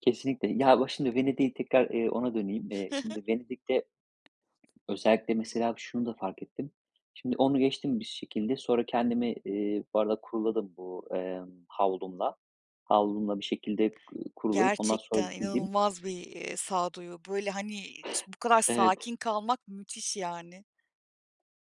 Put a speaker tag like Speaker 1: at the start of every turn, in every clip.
Speaker 1: Kesinlikle. Ya bak şimdi Venedik'i tekrar, iii, ona döneyim. İii,
Speaker 2: Hı hı.
Speaker 1: şimdi Venedik'te. Özellikle mesela şunu da fark ettim. Şimdi onu geçtim bir şekilde. Sonra kendimi, iii, bu arada kuruladım bu, ımm, havlumla. Havlumla bir şekilde, ku kurulayıp ondan sonra
Speaker 2: Gerçekten
Speaker 1: giydim.
Speaker 2: inanılmaz bir, iii, sağduyu böyle, hani, ç bu kadar
Speaker 1: Evet.
Speaker 2: sakin kalmak müthiş yani.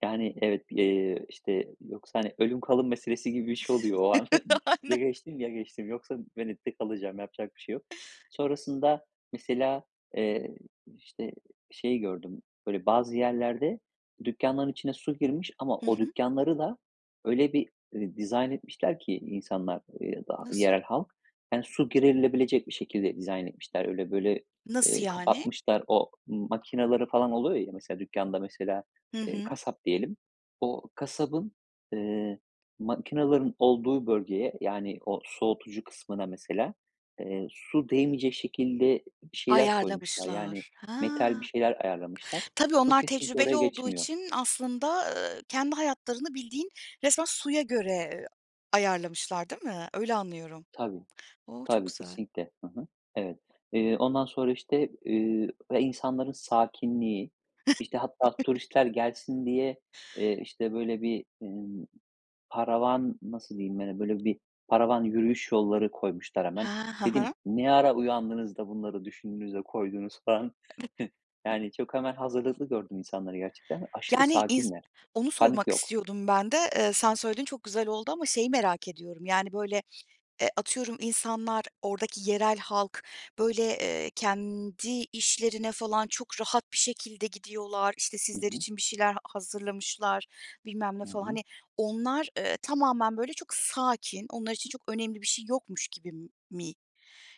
Speaker 1: Yani evet, bir, eee, işte yoksa, hani, ölüm kalım meselesi gibi bir şey oluyor o an. Ya
Speaker 2: Aynen.
Speaker 1: geçtim, ya geçtim yoksa Venedik'te kalacağım. Yapacak bir şey yok. Sonrasında mesela, eee, işte, şey gördüm. Böyle bazı yerlerde dükkânların içine su girmiş ama
Speaker 2: Hı
Speaker 1: o
Speaker 2: hı.
Speaker 1: dükkânları da öyle bir, ııı, dizayn etmişler ki insanlar, ııı, da
Speaker 2: Nasıl?
Speaker 1: yerel halk, yani su girilebilecek bir şekilde dizayn etmişler. Öyle böyle,
Speaker 2: Nasıl
Speaker 1: ııı,
Speaker 2: yani?
Speaker 1: kapatmışlar. O makinaları falan oluyor ya. Mesela dükkânda mesela,
Speaker 2: Hı
Speaker 1: ııı,
Speaker 2: hı.
Speaker 1: kasap diyelim. O kasabın, ııı, makinaların olduğu bölgeye yani o soğutucu kısmına mesela, ııı, su değmeyecek şekilde bir şeyler koymuşlar. Yani
Speaker 2: Ayarlamışlar. Ha.
Speaker 1: metal bir şeyler ayarlamışlar.
Speaker 2: Tabii
Speaker 1: Su
Speaker 2: onlar
Speaker 1: kesinlikle
Speaker 2: tecrübeli
Speaker 1: oraya
Speaker 2: olduğu
Speaker 1: geçmiyor.
Speaker 2: için aslında, ııı, kendi hayatlarını bildiğin resmen suya göre ayarlamışlar değil mi? Öyle anlıyorum.
Speaker 1: Tabii.
Speaker 2: O, çok
Speaker 1: Tabii
Speaker 2: güzel.
Speaker 1: kesinlikle. Hı hı. Evet. Iıı, ondan sonra işte, ııı, ve insanların sakinliği, işte hatta turistler gelsin diye, ııı, işte böyle bir, emm, paravan, nasıl diyeyim, böyle, bir paravan yürüyüş yolları koymuşlar hemen.
Speaker 2: Ha, ha
Speaker 1: Dedim,
Speaker 2: ha.
Speaker 1: ne ara uyandınız da, bunları düşündünüz de, koydunuz falan... Yani çok, hemen, hazırlıklı gördüm insanları gerçekten. Aşırı
Speaker 2: Yani iz
Speaker 1: sakinler.
Speaker 2: onu
Speaker 1: Panik
Speaker 2: sormak
Speaker 1: yok.
Speaker 2: istiyordum ben de, ııı, sen söyledin çok güzel oldu ama şeyi merak ediyorum yani, böyle, eee, atıyorum insanlar, oradaki yerel halk, böyle, eee, kendi işlerine falan çok rahat bir şekilde gidiyorlar. İşte,
Speaker 1: Hı
Speaker 2: sizler
Speaker 1: hı.
Speaker 2: için bir şeyler hazırlamışlar, bilmem ne
Speaker 1: Hı
Speaker 2: falan...
Speaker 1: hı.
Speaker 2: Hani, onlar, ııı, tamamen böyle çok sakin, onlar için çok önemli bir şey yokmuş gibi m mi?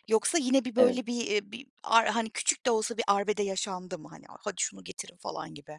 Speaker 2: Yoksa yine bir
Speaker 1: Evet.
Speaker 2: böyle bir, iii, bir ar hani, küçük de olsa bir arbede yaşandı mı? Hani, "hadi şunu getirin" falan gibi.